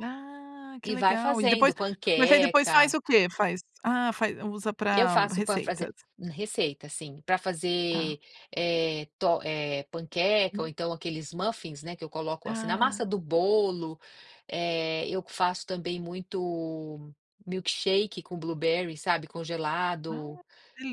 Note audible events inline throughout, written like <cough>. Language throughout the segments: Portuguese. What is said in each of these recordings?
Ah, que E vai legal e depois fazendo, mas aí depois faz panqueca o quê? Faz ah, faz usa Eu para faço para receitas. fazer receita, sim. Para Tá. fazer, eh, tor eh, panqueca ou Uma então aqueles muffins, né, que eu coloco assim, na Ah. massa do bolo eh, eu faço também milkshake com blueberry, sabe, Ah, congelado,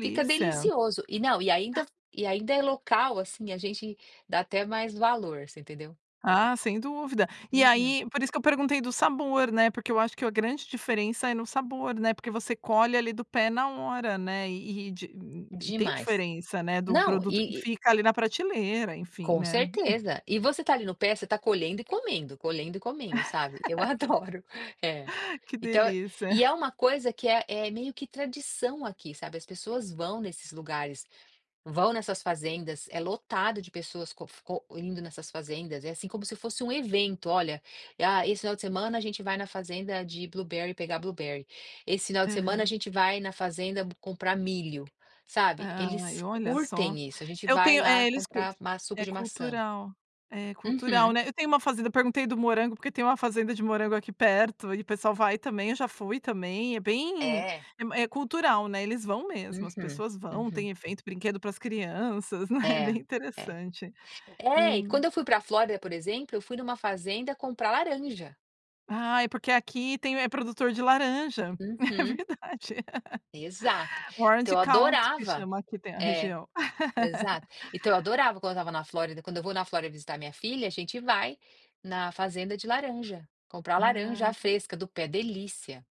fica delicioso. E não, e Ah. ainda e ainda é local, assim, a gente dá até mais valor, você entendeu? Ah, sem dúvida. E Uhum. aí por isso que eu perguntei do sabor, né, porque eu acho que a grande diferença é no sabor, né, porque você colhe ali do pé na hora, né. E e di e tem Demais. diferença, né, do Não, produto que e e fica ali na prateleira, enfim, Com né. Hum. certeza. E você está ali no pé, você está colhendo e comendo, colhendo e comendo, sabe, eu <laughs> Que deli adoro. É. que Então eu delícia. e é uma coisa que é é meio que tradição aqui, sabe, as pessoas vão nesses lugares, vão nessas fazendas, é lotado de pessoas co co indo nessas fazendas. É assim, como se fosse um evento, olha: "Ah esse final de semana a gente vai na fazenda de blueberry, pegar blueberry. Esse final de semana a Aham. gente vai na fazenda p comprar milho", sabe, Ai, eles olha só. curtem isso. "A gente Eu vai tenho lá eh, eles cul comprar ma suco é de maçã" cultural, é cultural, Uhum. né. Eu tenho uma fazenda eu perguntei do morango, porque tem uma fazenda de morango aqui perto e o pessoal vai também, eu já fui também, é bem É. é m é cultural, né, eles vão mesmo. As Uhum, pessoas vão, uhum. tem efeito, brinquedo para as crianças, né, bem É, é. interessante. É, E e quando eu fui para Flórida, por exemplo, eu fui em uma fazenda comprar laranja. Ai, porque aqui tem é produtor de laranja. É Uhum. verdade. Exato. <laughs> Então Orange eu County que adorava chama, aqui tem a é, região. exato. Então eu <laughs> adorava quando eu estava na Flórida quando eu vou na Flórida visitar minha filha, a gente vai na fazenda de laranja, comprar laranja Ah. fresca do pé, delícia.